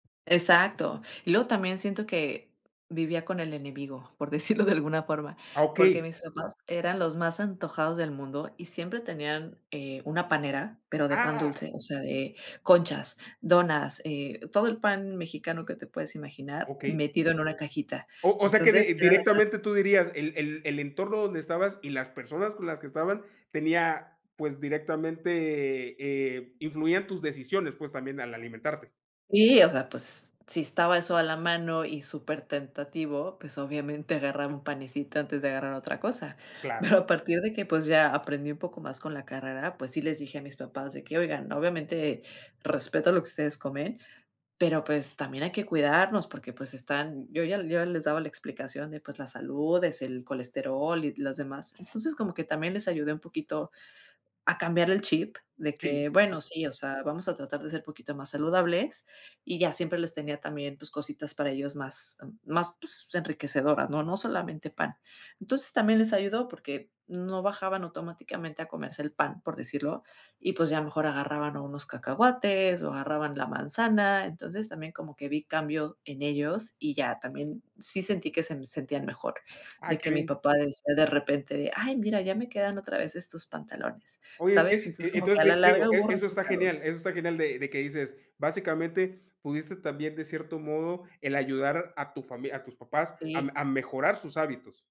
Exacto. Y luego también siento que vivía con el enemigo, por decirlo de alguna forma, Ah, porque okey. mis papás eran los más antojados del mundo, y siempre tenían, eh, una panera pero de pan Ah. dulce, o sea, de conchas, donas, eh, todo el pan mexicano que te puedes imaginar Okey. metido en una cajita. O o sea que Entonces, di era la ta directamente tú dirías, el el el entorno donde estabas y las personas con las que estaban tenía, pues, directamente, eh, influían tus decisiones, pues, también al alimentarte. Sí, o sea, pues, si estaba eso a la mano y supertentativo, pues, obviamente agarraba 1 panecito antes de agarrar otra cosa. Claro. Pero a partir de que, pues, ya aprendí un poco más con la carrera, pues sí les dije a mis papás de que: "Oigan, obviamente respeto lo que ustedes comen, pero, pues, también hay que cuidarnos porque, pues, están", yo ya yo les daba la explicación de, pues, la salud, es el colesterol y los demás. Entonces, como que también les ayudé un poquito a cambiar el chip de Sí. que, bueno, sí, o sea, vamos a tratar de ser poquito más saludables, y ya siempre les tenía también, pues, cositas para ellos más más, pues, enriquecedoras, ¿no? No solamente pan. Entonces, también les ayudó porque no bajaban automáticamente a comerse el pan, por decirlo, y, pues, ya mejor agarraban o unos cacahuates, o agarraban la manzana. Entonces, también como que vi cambio en ellos y ya, también, sí sentí que sem sentían mejor, Ah, de qué que mi bien. papá decía de repente de: "Ay, mira, ya me quedan otra vez estos pantalones", Oye, ¿sabes? e Entonces, e como que entonces, a la di digo, larga hubo e eso está resultados. genial eso está genial, de de que dices, básicamente, pudiste también, de cierto modo, el ayudar a tu famili a tus papás a Sí. a mejorar sus hábitos.